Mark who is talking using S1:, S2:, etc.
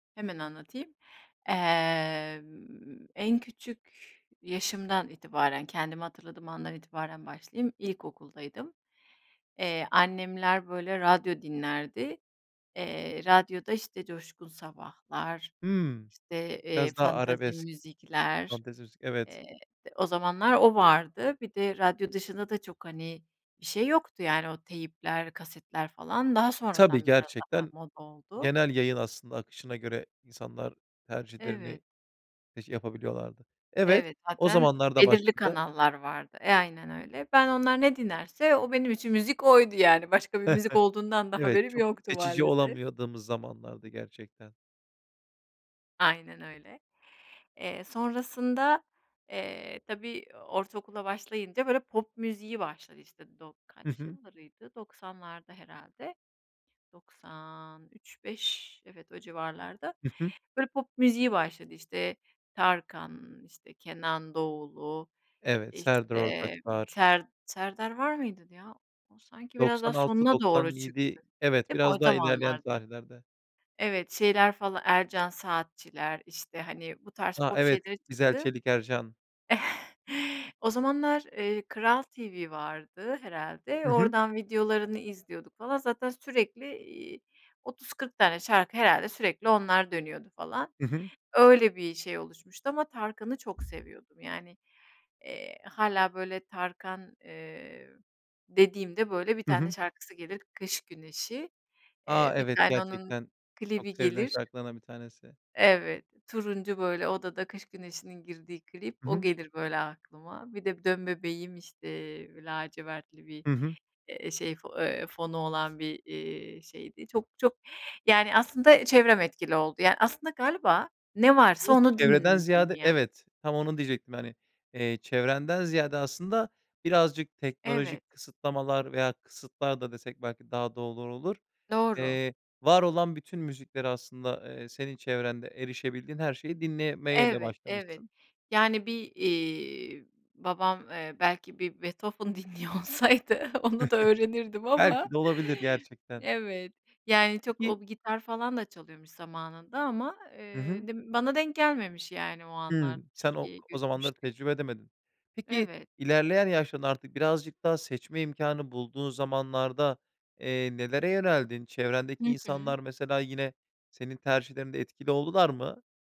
S1: Hemen anlatayım. Emm, en küçük yaşımdan itibaren, kendimi hatırladığım andan itibaren başlayayım. İlkokuldaydım. Eee, annemler, böyle, radyo dinlerdi. Eee, radyoda, işte, Coşkun Sabahlar,
S2: Hımm.
S1: işte, eee,
S2: Biraz daha
S1: fantezi
S2: arabesk.
S1: müzikler,
S2: Fantezi müzik, evet.
S1: eee, t o zamanlar o vardı. Bir de radyo dışında da çok, hani, bir şey yoktu yani. O teypler, kasetler falan. Daha
S2: Tabii,
S1: sonradan biraz daha
S2: gerçekten
S1: moda oldu.
S2: genel yayın aslında akışına göre insanlar tercihlerini
S1: Evet.
S2: [unintelligible] yapabiliyorlardı. Evet.
S1: Evet,
S2: O
S1: zaten
S2: zamanlarda
S1: belirli
S2: başladı.
S1: kanallar vardı. Aynen öyle. Ben onlar ne dinlerse o benim için müzik oydu yani. Başka bir müzik olduğundan da
S2: Evet,
S1: haberim
S2: çok
S1: yoktu
S2: seçici
S1: maalesef.
S2: olamadığımız zamanlardı gerçekten.
S1: Aynen öyle. Eee, sonrasında, eee, tabii o ortaokula başlayınca, böyle, pop müziği başladı. İşte dok
S2: Hı
S1: kaç
S2: hı.
S1: yıllarıydı? 90'larda herhâlde. 90 3-5 evet, o civarlarda,
S2: Hı hı.
S1: böyle, pop müziği başladı. İşte, Tarkan, işte, Kenan Doğulu,
S2: Evet, Serdar
S1: işte,
S2: Ortaç
S1: ımm,
S2: var...
S1: Ser Serdar var mıydı ya? O sanki biraz daha
S2: doksan altı
S1: sonuna doğru
S2: doksan yedi
S1: çıktı.
S2: Evet,
S1: Hep o
S2: biraz daha ilerleyen
S1: zamanlarda.
S2: tarihlerde.
S1: Evet, şeyler falan, Ercan Saatçiler, işte, hani, bu tarz
S2: A,
S1: pop
S2: evet.
S1: şeyleri
S2: İzel,
S1: çıktı.
S2: Çelik, Ercan.
S1: O zamanlar, eee, Kral TV vardı herhâlde.
S2: Hı hı.
S1: Oradan videolarını izliyorduk falan. Zaten sürekli, iii, 30-40 tane şarkı herhâlde sürekli onlar dönüyordu falan.
S2: Hı hı.
S1: Öyle bir şey oluşmuştu ama Tarkan'ı çok seviyordum. Yani, eee, hâlâ böyle "Tarkan" eee, dediğimde, böyle, bir
S2: Hı
S1: tane
S2: hı.
S1: şarkısı gelir: "Kış Güneşi."
S2: A!
S1: Eee, bir
S2: Evet.
S1: tane onun
S2: Gerçekten çok
S1: klibi
S2: sevilen
S1: gelir.
S2: şarkılardan bir tanesi.
S1: Evet. Turuncu, böyle, odada Kış Güneşi'nin girdiği klip.
S2: Hı
S1: O
S2: hı.
S1: gelir, böyle, aklıma. Bir de "Dön Bebeğim" işte, lacivertli bir,
S2: Hı hı.
S1: eee, şey, fo eee, fonu olan bir, eee, şeydi. Çok, çok Yani aslında çevrem etkili oldu. Yani aslında galiba ne varsa
S2: [unintelligible]
S1: onu
S2: Çevreden
S1: dinledim
S2: ziyade
S1: ya.
S2: Evet, tam onu diyecektim, hani, eee, çevrenden ziyade aslında birazcık
S1: Evet.
S2: teknolojik kısıtlamalar veya kısıtlar da desek belki daha doğru olur.
S1: Doğru.
S2: Eee, var olan bütün müziklere aslında, eee, senin çevrende erişebildiğin her şeyi dinlemeyle
S1: Evet, evet.
S2: başlamışsın.
S1: Yani bir, iii, babam, eee, belki bir Beethoven dinliyor olsaydı onu da öğrenirdim ama
S2: Belki de olabilir gerçekten.
S1: Evet. Yani çok o
S2: Peki
S1: bi gitar falan da çalıyormuş zamanında ama,
S2: Hı hı.
S1: eee, d bana denk gelmemiş yani o anlar.
S2: Hımm. Sen o
S1: Türkiye'ye
S2: o zamanları
S1: göçmüştük.
S2: tecrübe edemedin. Peki
S1: Evet.
S2: ilerleyen yaşlarında artık birazcık daha seçme imkânı bulduğun zamanlarda, eee, nelere yöneldin?
S1: Hı
S2: Çevrendeki
S1: hı.
S2: insanlar mesela yine senin tercihlerinde etkili oldular mı?